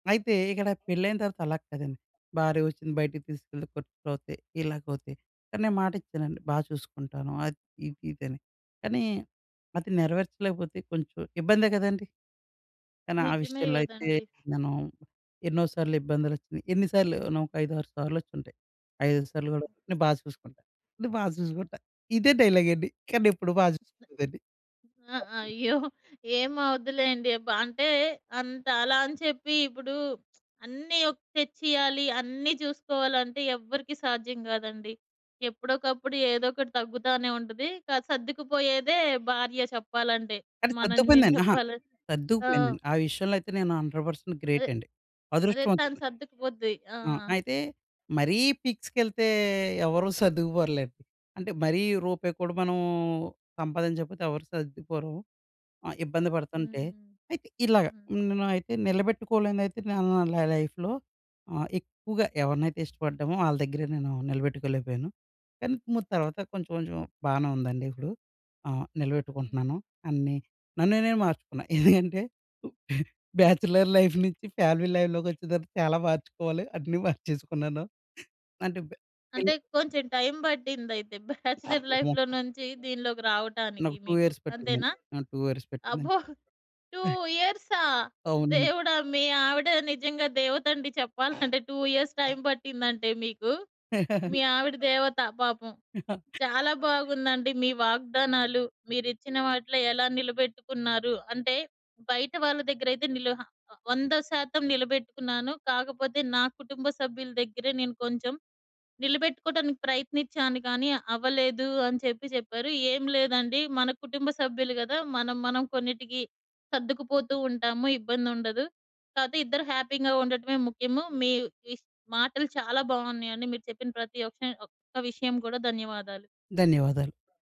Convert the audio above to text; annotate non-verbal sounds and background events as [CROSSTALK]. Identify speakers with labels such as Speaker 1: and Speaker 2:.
Speaker 1: అయితే ఇక్కడ పెళ్ళయిన తర్వాత అలాగ కాదండి. భార్య వచ్చింది, బయటికి తీసుకెళ్తే ఖర్చులవుతయి. ఇలాగవుతయి. కానీ నేను మాట ఇచ్చానండి. బా చూసుకుంటాను. అది ఇది ఇదని. కానీ అది నెరవేర్చలేకపోతే కొంచెం ఇబ్బందే కదండీ! కానీ ఆ
Speaker 2: నిజమే
Speaker 1: విషయంలో అయితే
Speaker 2: గదండీ!
Speaker 1: నేను ఎన్నో సార్లు ఇబ్బందులొచ్చినయి. ఎన్ని సార్లో నొక ఐదారు సార్లు వచ్చుంటాయి. ఐదైదు సార్లు కూడా నే బా చూసుకుంటా. నే బా చూసుకుంటా. ఇదే డైలాగ్ అండి. కానీ ఎప్పుడు బా చూసుకోలేదండి.
Speaker 2: ఆహ్,
Speaker 1: [UNINTELLIGIBLE]
Speaker 2: అయ్యో! ఏమవదులెండి. ప అంటే అంత అలా అని చెప్పి ఇప్పుడు [SMACKS LIPS] అన్ని ఒక్ తెచ్చియాలి, అన్నీ చూసుకోవాలంటే ఎవ్వరికీ సాధ్యం కాదండి. ఎప్పుడోకప్పుడు ఏదో ఒకటి తగ్గుతానే ఉంటది. స సర్దుకుపోయేదే భార్య చెప్పాలంటే.
Speaker 1: అది
Speaker 2: మనం మేము
Speaker 1: సద్దుకుపోయిద్దండి. అహా!
Speaker 2: చెప్పాలంటే. ఆ!
Speaker 1: సర్దుకుపోయింది. ఆ విషయంలో అయితే నేను 100% గ్రేట్
Speaker 2: అదే.
Speaker 1: అండి.
Speaker 2: అదే. తను
Speaker 1: అదృష్టవంతుడ్ని.
Speaker 2: సర్దుకుపోద్ది. ఆ!
Speaker 1: ఆ! అయితే మరీ పీక్స్‌కెళ్తే ఎవరూ సర్దుకుపోరులేండి. అంటే మరీ రూపాయిక్కూడా మనం సంపాదించకపోతే ఎవరు సర్దుకుపోరు. ఆహ్, ఇబ్బంది పడుతుంటే.
Speaker 2: హ్మ్.
Speaker 1: అయితే ఇలాగ.
Speaker 2: హ్మ్.
Speaker 1: నేనయితే నిలబెట్టుకోలేనిదయితే నేను న న నా లైఫ్‌‌లో ఆహ్, ఎక్కువగా ఎవరినైతే ఇష్టపడ్డామో ఆళ్ళ దగ్గరే నేను నిలబెట్టుకోలేకపోయాను. కానీ ము తర్వాత కొంచెం కొంచెం బానే ఉందండి ఇప్పుడు. ఆ!
Speaker 2: హ్మ్.
Speaker 1: నిలబెట్టుకుంటున్నాను అన్నీ. నన్ను నేను మార్చుకున్నా. ఎందుకంటే, [CHUCKLES]
Speaker 2: హ్మ్.
Speaker 1: బ్యాచిలర్ లైఫ్ నుంచి ఫ్యామిలీ లై‌ఫ్‌‌లోకి వచ్చిన తర్వాత చాలా మార్చుకోవాలి. అన్నీ మార్చేసుకున్నాను. అంటే బ్యాచిల్
Speaker 2: అంటే కొంచెం టైమ్ పట్టిందయితే [CHUCKLES] బ్యాచలర్
Speaker 1: [UNINTELLIGIBLE]
Speaker 2: లైఫ్‌లో నుంచి దీనిలోకి రావటానికి
Speaker 1: నాకు 2
Speaker 2: మీకు
Speaker 1: ఇయర్స్ పట్టిందండి.
Speaker 2: అంతేనా?
Speaker 1: నాకు 2 ఇయర్స్ పట్టిందండి.
Speaker 2: అబ్బో! 2 ఇయర్సా?
Speaker 1: అవునండి.
Speaker 2: దేవుడా! మీ ఆవిడ నిజంగా దేవత అండి చెప్పాలంటే. 2 ఇయర్స్ టైమ్ పట్టిందంటే మీకు. మీ
Speaker 1: [CHUCKLES]
Speaker 2: ఆవిడ దేవత పాపం.
Speaker 1: [CHUCKLES]
Speaker 2: చాలా బాగుందండి మీ వాగ్దానాలు మీరిచ్చిన వాటిలో ఎలా నిలబెట్టుకున్నారు? అంటే బయట వాళ్ళ దగ్గరైతే నిల హ 100% నిలబెట్టుకున్నాను. కాకపోతే నా కుటుంబ సభ్యుల దగ్గరే నేను కొంచెం నిలబెట్టుకోవడానికి ప్రయత్నించాను కానీ అవ్వలేదు అని చెప్పి చెప్పారు. ఏం లేదండి మన కుటుంబ సభ్యులు కదా! మనం, మనం కొన్నిటికి సర్దుకుపోతూ ఉంటాము, ఇబ్బందుండదు. కాపోతే ఇద్దరు హ్యాపీగా ఉండటమే ముఖ్యము. మీ ఈ మాటలు చాలా బావున్నాయండి. మీరు చెప్పిన ప్రతి ఒక్ ఒక్క విషయం కూడా. ధన్యవాదాలు.
Speaker 1: ధన్యవాదాలు.